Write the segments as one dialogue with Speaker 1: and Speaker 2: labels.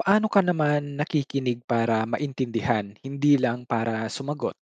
Speaker 1: Paano ka naman nakikinig para maintindihan, hindi lang para sumagot?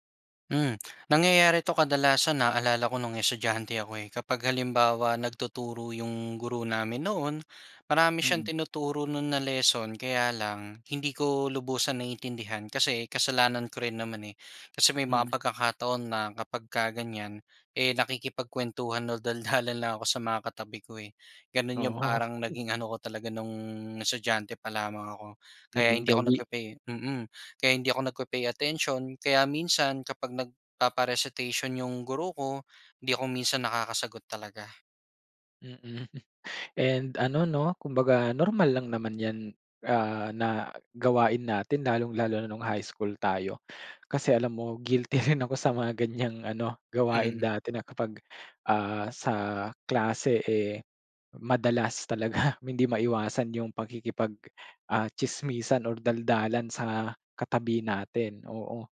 Speaker 2: Hmm, nangyayari to kadalasan, naalala ko nung estudyante ako eh. Kapag halimbawa, nagtuturo yung guro namin noon, marami
Speaker 1: Mm.
Speaker 2: siyang tinuturo no'n na lesson, kaya lang hindi ko lubusan naiintindihan kasi kasalanan ko rin naman eh. Kasi may mga
Speaker 1: Mm.
Speaker 2: pagkakataon na kapagka ganyan, eh, nakikipagkuwentuhan o daldalan lang ako sa mga katabi ko eh, gano'n yung
Speaker 1: Oo.
Speaker 2: parang naging ano ko talaga, nung estudyante pa lamang ako. Kaya
Speaker 1: Naging
Speaker 2: hindi ako
Speaker 1: gawi.
Speaker 2: nagpe-pay mm, kaya hindi ako nagpe-pay attention, kaya minsan kapag nagpapa-recitation yung guro ko, hindi ako minsan nakakasagot talaga.
Speaker 1: Mm, and ano, 'no, kumbaga normal lang naman 'yan, ah, na gawain natin, lalong-lalo na nung high school tayo. Kasi alam mo, guilty rin ako sa mga ganyang ano, gawain
Speaker 2: Mhm.
Speaker 1: dati na kapag, ah, sa klase eh, madalas talaga, hindi maiwasan yung pakikipag, ah, tsismisan or daldalan sa katabi natin, oo.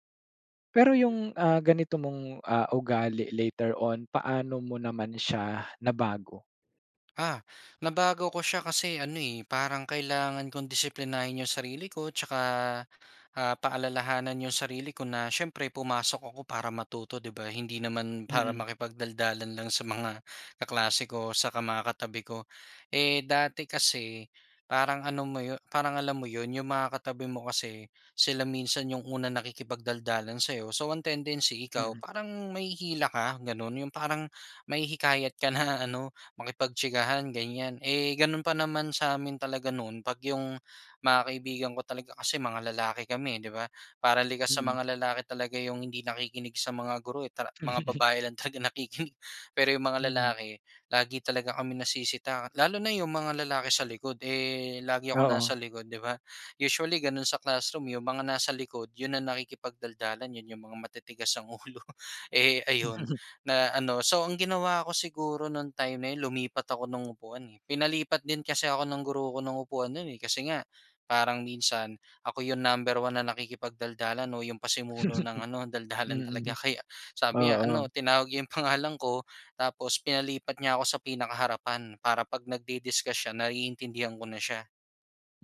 Speaker 1: Pero
Speaker 2: Hmm.
Speaker 1: yung, ah, ganito mong, ah, ugali later on, paano mo naman siya nabago?
Speaker 2: Ah, nabago ko siya kasi ano, eh, parang kailangan kong disiplinahin 'yung sarili ko tsaka, ah, paalalahanan 'yung sarili ko na siyempre, pumasok ako para matuto, 'di ba? Hindi naman para
Speaker 1: Mm.
Speaker 2: makipagdaldalan lang sa mga kaklase ko, tsaka mga katabi ko. Eh, dati kasi parang ano mo 'yon parang alam mo 'yon, 'yung mga katabi mo kasi, sila minsan 'yung unang nakikipagdaldalan sa'yo, so ang tendency ikaw,
Speaker 1: Mm.
Speaker 2: parang mahihila ka, gano'n. 'Yung parang mahihikayat ka na ano, makipagtsikahan, ganyan. Eh, gano'n pa naman sa amin talaga noon, 'pag 'yung mga kaibigan ko talaga, kasi mga lalaki kami, eh, 'di ba? Parang likas sa
Speaker 1: Mm.
Speaker 2: mga lalaki talaga 'yung hindi nakikinig sa mga guro eh, tara mga babae lang talaga nakikinig. Pero 'yung mga
Speaker 1: Mm.
Speaker 2: lalaki, lagi talaga kaming nasisita. Lalo na 'yung mga lalaki sa likod, eh, lagi akong
Speaker 1: Oo.
Speaker 2: nasa likod, 'di ba? Usually gano'n sa classroom 'yung mga nasa likod, 'yun ang nakikipagdaldalan, 'yun 'yung mga matitigas ang ulo. Eh, ayun na ano so ang ginawa ko siguro nung time na 'yon, lumipat ako ng upuan, eh, pinalipat din kasi ako ng guro ko ng upuan no'n, eh, kasi nga parang minsan ako 'yung number 1 na nakikipagdaldalan o 'yung pasimuno ng ano daldalan talaga
Speaker 1: Mm.
Speaker 2: kaya, sabi niya ano,
Speaker 1: Oo.
Speaker 2: tinawag niya 'yung pangalan ko tapos pinalipat niya ako sa pinakaharapan para 'pag nagdi-discuss siya naiintindihan ko na siya.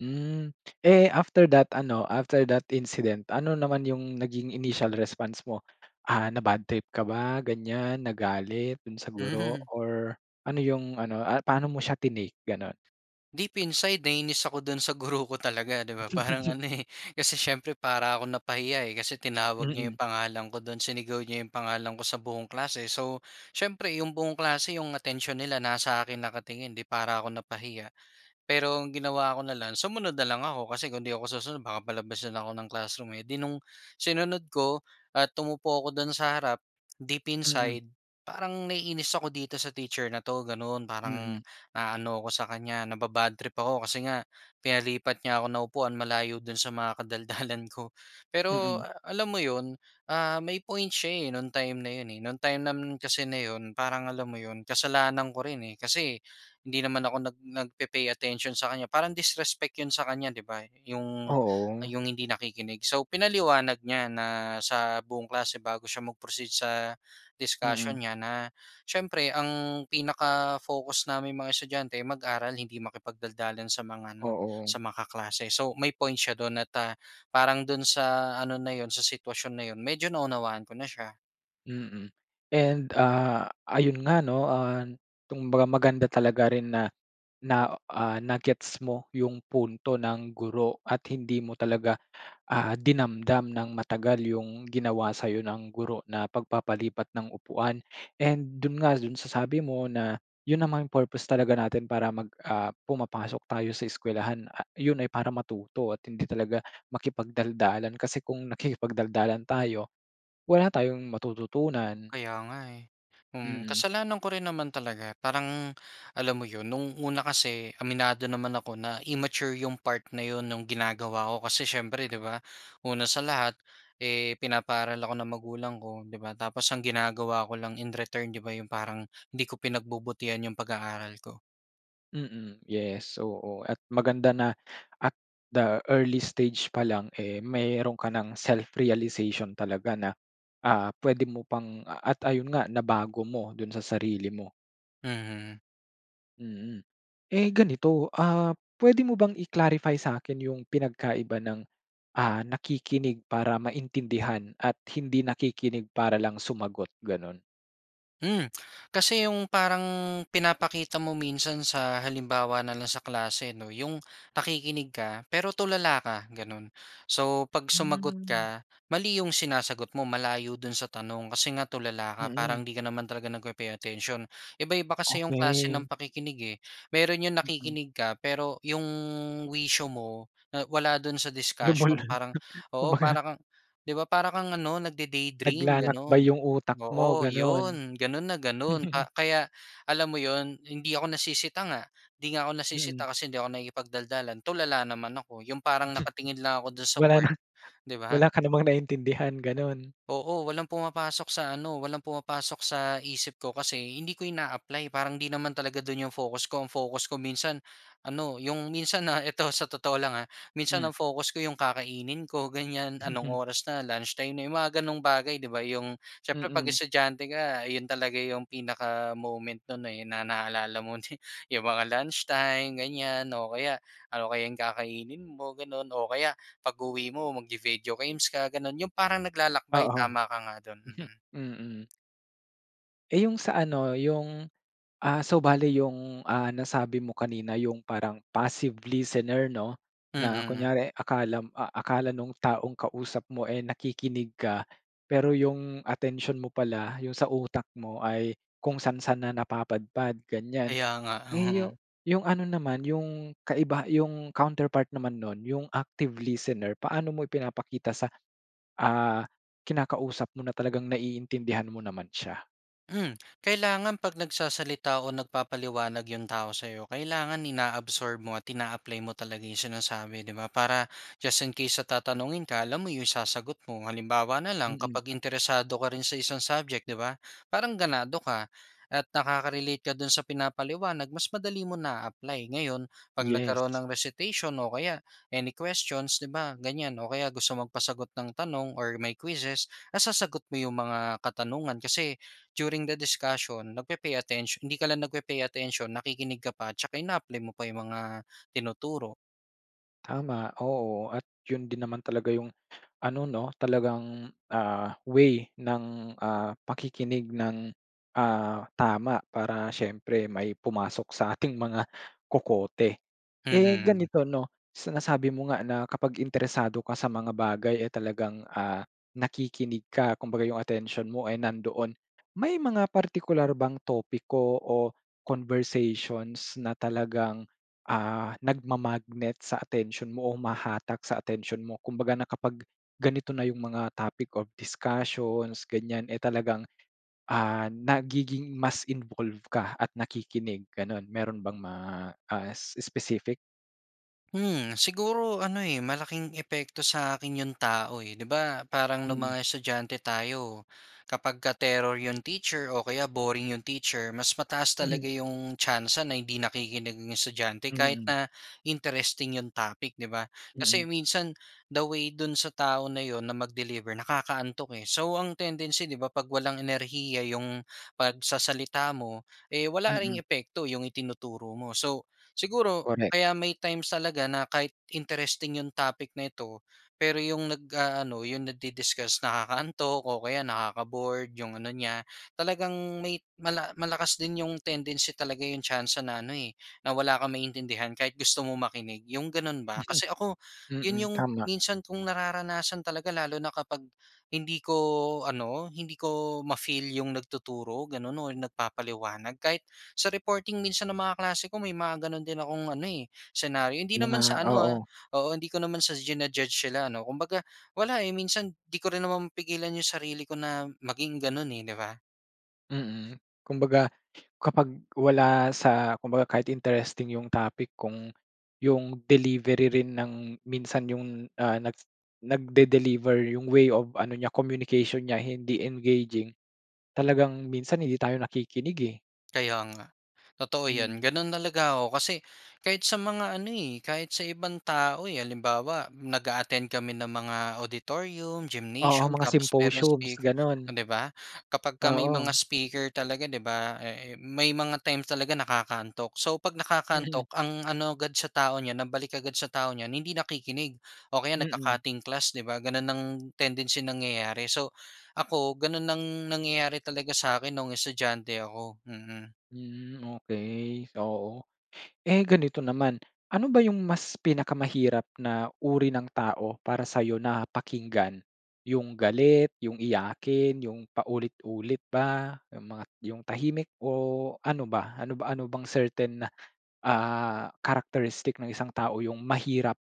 Speaker 1: Hmm. Eh, after that ano, after that incident, ano naman yung naging initial response mo? Ah, na-bad trip ka ba ganyan, nagalit do'n sa guro
Speaker 2: Hmm.
Speaker 1: or ano yung ano, ah, paano mo siya ti-nake gano'n?
Speaker 2: Deep inside nainis ako dun sa guro ko talaga 'di ba, parang ano eh, kasi siyempre para akong napahiya eh. Kasi tinawag niya yung
Speaker 1: Mm.
Speaker 2: pangalan ko do'n, sinigaw niya yung pangalan ko sa buong klase. So, siyempre yung buong klase yung atensiyon nila nasa akin nakatingin 'di para ako napahiya. Pero ang ginawa ko na lang, sumunod na lang ako, kasi kung hindi ako susunod baka palabasin ako ng classroom eh. 'Di nung sinunod ko at umupo ako do'n sa harap, deep
Speaker 1: Mm.
Speaker 2: inside, parang naiinis ako dito sa teacher na 'to, ganun. Parang,
Speaker 1: Mm.
Speaker 2: naaano ako sa kanya, naba-bad trip ako, kasi nga pinalipat niya ako ng upuan malayo do'n sa mga kadaldalan ko. Pero
Speaker 1: Mm.
Speaker 2: alam mo 'yon, ah, may point siya eh, no'ng time na yun eh. No'ng time naman kasi na 'yon, parang alam mo yun, kasalanan ko rin eh, kasi hindi naman ako nag nagpe-pay attention sa kanya, parang disrespect 'yon sa kanya di ba. Yung
Speaker 1: Oo.
Speaker 2: yung hindi nakikinig. So, pinaliwanag niya na sa buong klase bago siya mag-proceed sa, discussion
Speaker 1: Mm.
Speaker 2: niya na, siyempre ang pinaka-focus naming mga estudyante, mag-aral hindi makipagdaldalan sa mga ano,
Speaker 1: Oo.
Speaker 2: sa mga kaklase. So, may point siya do'n at, ah, parang do'n sa ano na yun, sa sitwasyon na yun, medyo naunawaan ko na siya.
Speaker 1: Mm. And ah, ayun nga 'no, ah, kumbaga maganda talaga rin na na ah, na-gets mo yung punto ng guro at hindi mo talaga ah, dinamdam nang matagal yung ginawa sa'yo ng guro na pagpapalipat ng upuan. And dun nga dun sa sabi mo na yun namang purpose talaga natin para mag ah pumapasok tayo sa eskuwelahan, a yun ay para matuto at hindi talaga makipagdaldalan kasi kung nakikipagdaldalan tayo, wala tayong matututunan.
Speaker 2: Kaya nga eh. Mm,
Speaker 1: Mm.
Speaker 2: kasalanan ko rin naman talaga. Parang alam mo 'yon, no'ng una kasi, aminado naman ako na immature yung part na 'yon no'ng ginagawa ko kasi siyempre 'di ba una sa lahat, eh, pinapaaral ako ng magulang ko 'di ba? Tapos ang ginagawa ko lang in return 'di ba, 'yong parang hindi ko pinagbubutihan yung pag-aaral ko.
Speaker 1: Mm, yes. Oo at maganda na at the early stage pa lang eh, meron ka ng self-realization talaga na ah, puwede mo pang at ayun nga nabago mo dun sa sarili mo.
Speaker 2: Mhm.
Speaker 1: Mm. Eh ganito, ah, puwede mo bang i-clarify sakin yung pinagkaiba ng, ah, nakikinig para maintindihan at hindi nakikinig para lang sumagot ganun?
Speaker 2: Hmm, kasi 'yong parang pinapakita mo minsan sa halimbawa na lang sa klase, 'no, 'yong nakikinig ka pero tulala ka, gano'n. So, 'pag sumagot
Speaker 1: Hmm.
Speaker 2: ka, mali 'yong sinasagot mo, malayo do'n sa tanong. Kasi nga tulala ka, parang
Speaker 1: Mm.
Speaker 2: 'di ka naman talaga nagpe-pay attention. Iba-iba kasi 'yong klase ng
Speaker 1: Okey.
Speaker 2: pakikinig eh. Meron 'yong
Speaker 1: Mm.
Speaker 2: nakikinig ka, pero 'yong wisyo mo, eh, wala do'n sa discussion.
Speaker 1: [unintelligible]
Speaker 2: Parang oo,
Speaker 1: kumbaga.
Speaker 2: para kang, 'di ba para kang ano nagde-daydream
Speaker 1: Naglalakbay
Speaker 2: gano'n.
Speaker 1: yung utak mo,
Speaker 2: Oo,
Speaker 1: ganun.
Speaker 2: 'yon, gano'n na gano'n ka kaya, alam mo 'yon? Hindi ako nasisita nga. 'Di nga ako
Speaker 1: Mm.
Speaker 2: nasisita kasi hindi ako nakikipagdaldalan, tulala naman ako. 'Yong parang nakatingin lang ako
Speaker 1: [unintelligible]
Speaker 2: do'n sa
Speaker 1: Wala
Speaker 2: board,
Speaker 1: na,
Speaker 2: 'di ba?
Speaker 1: wala ka namang naintindihan, ganun.
Speaker 2: Oo, walang pumapasok sa ano walang pumapasok sa isip ko, kasi hindi ko ina-apply. Parang 'di naman talaga dun yung focus ko. Ang focus ko minsan, ano, 'yong minsan, ah ito, sa totoo lang ah, minsan ang
Speaker 1: Hmm.
Speaker 2: focus ko, 'yong kakainin ko ganyan. Anong oras na? Lunchtime na, 'yong mga ganong bagay, 'di ba? 'Yong siyempre 'pag
Speaker 1: Mm.
Speaker 2: estudyante ka, 'yon talaga 'yong pinaka-moment no'n eh, na naalala mo ne 'yong mga lunchtime ganyan o kaya, ano kaya 'yong kakainin mo gano'n o kaya, pag uwi mo, magvi-video games ka gano'n. 'Yong parang naglalakbay,
Speaker 1: Oo,
Speaker 2: tama ka nga do'n, mm.
Speaker 1: mm. Eh, yung sa ano, yung, ah, so bale yung, ah, nasabi mo kanina yung parang passive listener, 'no, na
Speaker 2: Mm.
Speaker 1: kunyari akalam ah, akala nung taong kausap mo eh nakikinig ka, pero yung atensiyon mo pala, yung sa utak mo ay kung saan-saan na napapadpad, ganyan.
Speaker 2: Kaya nga.
Speaker 1: Eh, yu yung ano naman, yung kaibaha yung counterpart naman nun, yung active listener. Paano mo ipinapakita sa, ah, kinakausap mo na talagang naiintindihan mo naman siya?
Speaker 2: Hmm, kailangan 'pag nagsasalita o nagpapaliwanag yung tao sa'yo, kailangan ina-absorb mo at ina-apply mo talaga yung sinasabi, di ba, para just in case na tatanungin ka, alam mo yung isasagot mo. Halimbawa na lang,
Speaker 1: Mm.
Speaker 2: kapag interesado ka rin sa isang subject, di ba? Parang ganado ka at nakaka-relate ka dun sa pinapaliwanag mas madali mo naa-apply. Ngayon, 'pag
Speaker 1: Yes.
Speaker 2: nagkaroon ng recitation o kaya any questions, di ba, ganyan o kaya gusto magpasagot ng tanong or may quizzes, nasasagot mo yung mga katanungan, kasi during the discussion, nagpe-pay attention hindi ka lang nagpe-pay attention, nakikinig ka pa, tsaka ina-apply mo pa yung mga tinuturo.
Speaker 1: Tama, oo, at 'yun din naman talaga yung, ano 'no, talagang, ah, way ng, ah, pakikinig nang, ah, tama para siyempre may pumasok sa ating mga kokote. Eh,
Speaker 2: Mm.
Speaker 1: ganito no, sa nasabi mo nga na kapag interesado ka sa mga bagay, eh, talagang, ah, nakikinig ka, kumbaga yung atensyon mo ay nandoon, may mga partikular bang topiko o conversations na talagang, ah, nagma-magnet sa atensyon mo o humahatak sa atensyon mo? Kumbaga na kapag ganito na yung mga topic of discussions, ganyan eh, talagang, ah, nagiging mas involve ka at nakikinig, gano'n? Meron bang ma ah, specific?
Speaker 2: Hmm. Siguro ano, eh, malaking epekto sa akin 'yung tao, eh. 'Di ba, parang nung
Speaker 1: Mm.
Speaker 2: mga estudyante tayo kapagka terror 'yung teacher o kaya boring 'yung teacher, mas mataas talaga
Speaker 1: Mhm.
Speaker 2: 'yung tsansa na hindi nakikinig 'yung estudyante kahit
Speaker 1: Mm.
Speaker 2: na interesting 'yung topic, 'di ba?
Speaker 1: Mm.
Speaker 2: Kasi minsan the way dun sa tao na 'yon na mag-deliver nakakaantok, eh, so ang tendency, 'di ba, 'pag walang enerhiya 'yung pagsasalita mo, eh, wala ring
Speaker 1: Mm.
Speaker 2: epekto 'yung itinuturo mo. So, siguro
Speaker 1: Correct.
Speaker 2: kaya may times talaga na kahit interesting 'yung topic na ito, pero 'yung nag-aano, 'yung nagdi-discuss, nakakaantok o kaya nakaka-bored 'yung ano niya, talagang may mala malakas din 'yung tendency talaga, 'yung tsansa na ano, eh, na wala kang maintindihan kahit gusto mo makinig, 'yung ganun ba? Kasi ako 'yun
Speaker 1: Mm.
Speaker 2: 'yung
Speaker 1: Tama.
Speaker 2: minsan kong nararanasan talaga lalo na kapag hindi ko ano, hindi ko ma-feel 'yung nagtuturo gano'n, or nagpapaliwanag, kahit sa reporting minsan ng mga kaklase ko may mga gano'n din akong ano, eh, senaryo. Hindi naman
Speaker 1: Mga
Speaker 2: sa ano, ah,
Speaker 1: oo.
Speaker 2: oo hindi ko naman sa jina-judge sila ano, kumbaga wala, eh, minsan 'di ko rin naman mapigilan 'yung sarili ko na maging gano'n, eh, 'di ba?
Speaker 1: Mm. Kumbaga kapag wala sa kumbaga kahit interesting 'yung topic kung 'yung delivery rin ng minsan 'yung, ah, nag nagde-deliver, 'yung way of ano niya, communication niya, hindi engaging, talagang minsan hindi tayo nakikinig eh.
Speaker 2: Kaya nga. Totoo 'yan.
Speaker 1: Mm.
Speaker 2: Gano'n talaga ako kasi kahit sa mga ano eh, kahit sa ibang tao eh. Halimbawa, nag-a-attend kami ng mga auditorium,
Speaker 1: Oo,
Speaker 2: gymnasium
Speaker 1: mga
Speaker 2: tapos merong
Speaker 1: symposiums,
Speaker 2: speaker
Speaker 1: gano'n.
Speaker 2: oh 'di ba? Kapag ka may mga
Speaker 1: Oo.
Speaker 2: speaker talaga 'di ba, ah, eh, may mga times talaga nakakaantok. So, 'pag
Speaker 1: Mm.
Speaker 2: nakakaantok ang ano agad sa tao niyan, ang balik agad sa tao niyan hindi nakikinig o kaya
Speaker 1: Mm.
Speaker 2: nagka-cutting class 'di ba? Gano'n ang tendency, nangyayari. So, ako gano'n ang nangyayari talaga sa akin noong estudyante ako. Mm.
Speaker 1: Hmm, okey. Oo. Eh, ganito naman, ano ba 'yung mas pinakamahirap na uri ng tao para sa'yo na pakinggan? 'Yung galit, 'yung iyakin, 'yung paulit-ulit ba? 'Yung mga 'yung tahimik o ano ba? Ano ba ano bang certain na, ah, characteristic ng isang tao 'yung mahirap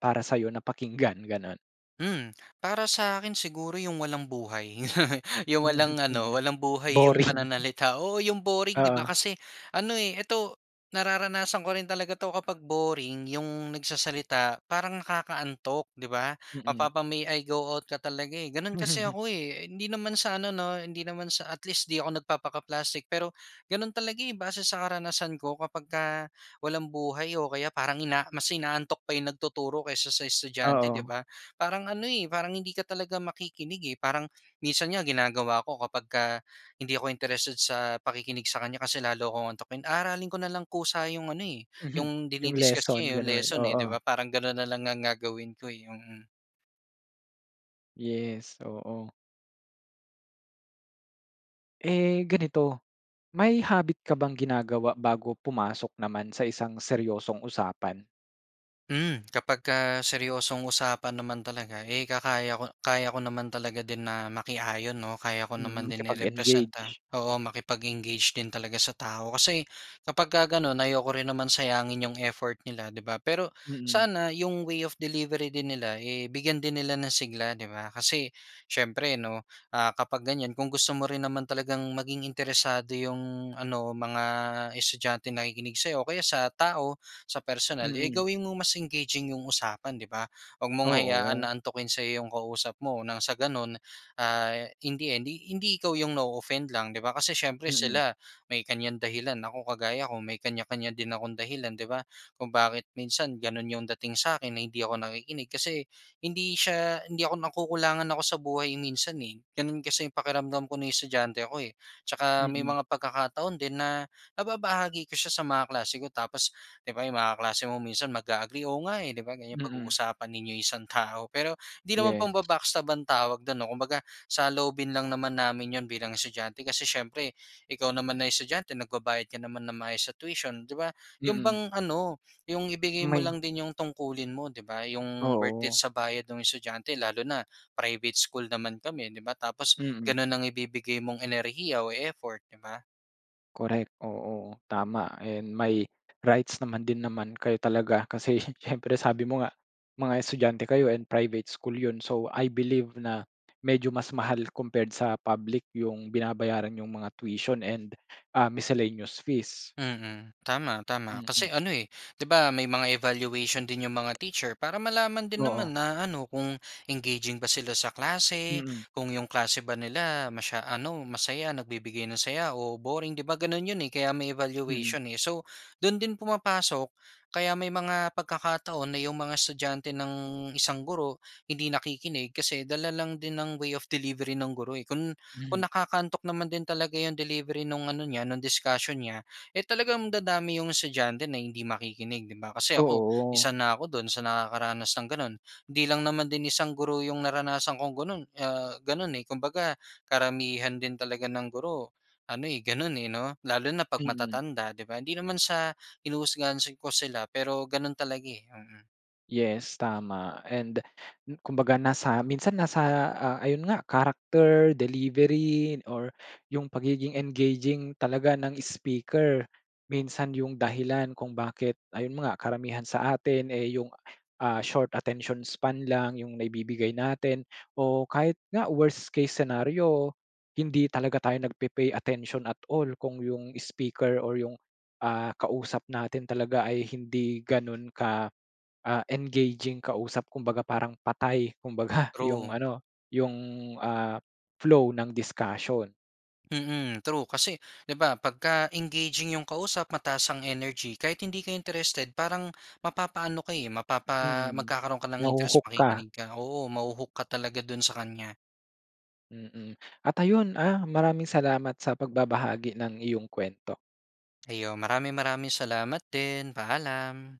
Speaker 1: para sa'yo na pakinggan, gano'n?
Speaker 2: Hmm. Para sa akin siguro 'yong walang buhay. 'Yong walang ano
Speaker 1: Mm.
Speaker 2: walang buhay 'yong
Speaker 1: Boring.
Speaker 2: pananalita. Oo, 'yong boring 'di ba?
Speaker 1: Oo.
Speaker 2: Kasi ano eh, ito nararanasan ko rin talaga 'to kapag boring 'yong nagsasalita parang nakakaantok, 'di ba?
Speaker 1: Mm.
Speaker 2: Mapapa, "May I go out?" ka talaga, eh. Gano'n kasi ako eh. Hindi naman sa ano 'no hindi naman sa at least 'di ako nagpapaka-plastic. Pero gano'n talaga eh, base sa karanasan ko. Kapagka walang buhay o kaya parang ina mas inaantok pa 'yong nagtuturo kaysa sa estudyante, 'di
Speaker 1: Oo.
Speaker 2: ba, parang ano eh, parang hindi ka talaga makikinig, eh. Parang minsan nga ginagawa ko kapagka hindi ako interested sa pakikinig sa kanya kasi lalo akong aantukin, aaralin ko na lang kusa 'yong ano eh,
Speaker 1: Mhm.
Speaker 2: 'yong
Speaker 1: 'Yung
Speaker 2: dini-discuss niya
Speaker 1: lesson
Speaker 2: eh, 'yong
Speaker 1: gano'n.
Speaker 2: lesson eh, 'di
Speaker 1: Oo.
Speaker 2: ba? Parang gano'n na lang ang gagawin ko, eh. Yung
Speaker 1: Yes, oo. Eh ganito, may habit ka bang ginagawa bago pumasok naman sa isang seryosong usapan?
Speaker 2: Hmm. Kapagka seryosong usapan naman talaga eh, kakaya ko kaya ko naman talaga din na makiayon 'no, kaya ko naman
Speaker 1: Mm,
Speaker 2: din
Speaker 1: kapag
Speaker 2: i-representa
Speaker 1: engaged.
Speaker 2: oo, makipag-engage din talaga sa tao. Kasi kapagka gano'n ayoko rin naman sayangin 'yong effort nila, 'di ba? Pero
Speaker 1: Mm.
Speaker 2: sana 'yong way of delivery din nila eh, bigyan din nila ng sigla, 'di ba? Kasi siyempre 'no, ah, kapag ganyan kung gusto mo rin naman talagang maging interesado 'yong ano mga estudyanteng nakikinig sa'yo o kaya sa tao sa personal eh,
Speaker 1: Mm.
Speaker 2: gawin mong mas engaging 'yong usapan, 'di ba? Huwag mong hayaan
Speaker 1: Oo.
Speaker 2: na antukin sa'yo 'yong kausap mo nang sa ganun ah, in the end hi hindi ikaw 'yong na-o-offend lang, 'di ba? Kasi siyempre
Speaker 1: Mm.
Speaker 2: sila may kanyang dahilan ako kagaya ko may kanya-kanya din akong dahilan, 'di ba, kung bakit minsan gano'n 'yong dating sa akin na hindi ako nakikinig. Kasi hindi siya hindi ako nakukulangan ako sa buhay minsan eh. Gano'n kasi 'yung pakiramdam ko no'ng estudyante ako eh. 'Tsaka may
Speaker 1: Mm.
Speaker 2: mga pagkakataon din na nababahagi ko siya sa mga kaklase ko tapos 'di ba 'yong mga kaklase mo minsan mag-a-agree, "Oo nga eh." 'Di ba ganyan
Speaker 1: Mm.
Speaker 2: pag-uusapan ninyo 'yong isang tao pero 'di naman
Speaker 1: Yes.
Speaker 2: pamba-backstab ang tawag do'n 'no. Kumbaga saloobin lang naman namin 'yon bilang estudyante kasi siyempre ikaw naman na estudyante nagbabayad ka naman ng maayos sa tuition, 'di ba? 'Yon
Speaker 1: Mm.
Speaker 2: bang ano 'yong ibigay mo
Speaker 1: May
Speaker 2: lang din 'yong tungkulin mo, 'di ba? 'Yong worth it
Speaker 1: Oo.
Speaker 2: sa bayad ng estudyante. Lalo na private school naman kami 'di ba tapos
Speaker 1: Mm.
Speaker 2: gano'n ang ibibigay mong enerhiya o effort, 'di ba?
Speaker 1: Correct. Oo, tama and may rights naman din naman kayo talaga kasi siyempre sabi mo nga mga estudyante kayo and private school yun. So, I believe na medyo mas mahal compared sa public yung binabayaran niyong mga tuition and ah, miscellaneous fees.
Speaker 2: Mhm. Tama tama kasi
Speaker 1: Mm.
Speaker 2: ano eh, 'di ba, may mga evaluation din 'yong mga teacher para malaman din naman
Speaker 1: Oo.
Speaker 2: na ano kung engaging ba sila sa klase?
Speaker 1: Mm.
Speaker 2: Kung 'yong klase ba nila masya ano masaya nagbibigay ng saya o boring, 'di ba, gano'n 'yon, eh, kaya may
Speaker 1: Mm.
Speaker 2: evaluation, eh. So do'n din pumapasok kaya may mga pagkakataon na 'yong mga estudyante ng isang guro hindi nakikinig kasi dala lang din ng way of delivery ng guro, eh. Kun
Speaker 1: Hmm.
Speaker 2: kung nakakaantok naman din talaga 'yong delivery no'ng ano niya no'ng discussion niya, eh, talagang dadami 'yong estudyante na hindi makikinig, 'di ba? Kasi ako
Speaker 1: Oo.
Speaker 2: isa na ako do'n sa nakakaranas ng gano'n. Hindi lang naman din isang guro 'yong naranasan kong gano'n, ah, gano'n eh. Kumbaga karamihan din talaga ng guro ano, eh, gano'n eh, 'no? Lalo na pag
Speaker 1: Mm.
Speaker 2: matatanda 'di ba hindi naman sa hinuhusgahan si ko sila pero gano'n talaga, eh. Mm.
Speaker 1: Yes tama and kumbaga nasa minsan nasa ah, ayun nga character, delivery, or yung pagiging engaging talaga ng speaker. Minsan yung dahilan kung bakit ayun nga karamihan sa atin eh, yung ah short attention span lang yung naibibigay natin o kahit nga worst case scenario hindi talaga tayo nagpe-pay attention at all kung yung speaker or yung ah, kausap natin talaga ay hindi ganun ka ah, engaging kausap. Kumbaga parang patay kumbaga yung
Speaker 2: True.
Speaker 1: ano yung ah, flow ng discussion.
Speaker 2: Mm, true. Kasi di ba, pagka-engaging yung kausap mataas ang energy kahit hindi ka interested parang mapapa ano ka eh. Mapapa
Speaker 1: Mm,
Speaker 2: magkakaroon ka ng interest,
Speaker 1: naho-hook ka.
Speaker 2: makikinig ka. Oo maho-hook ka talaga dun sa kanya.
Speaker 1: Mm, at ayun ah. Maraming salamat sa pagbabahagi ng iyong kuwento.
Speaker 2: Ayon, maraming-maraming salamat din. Paalam.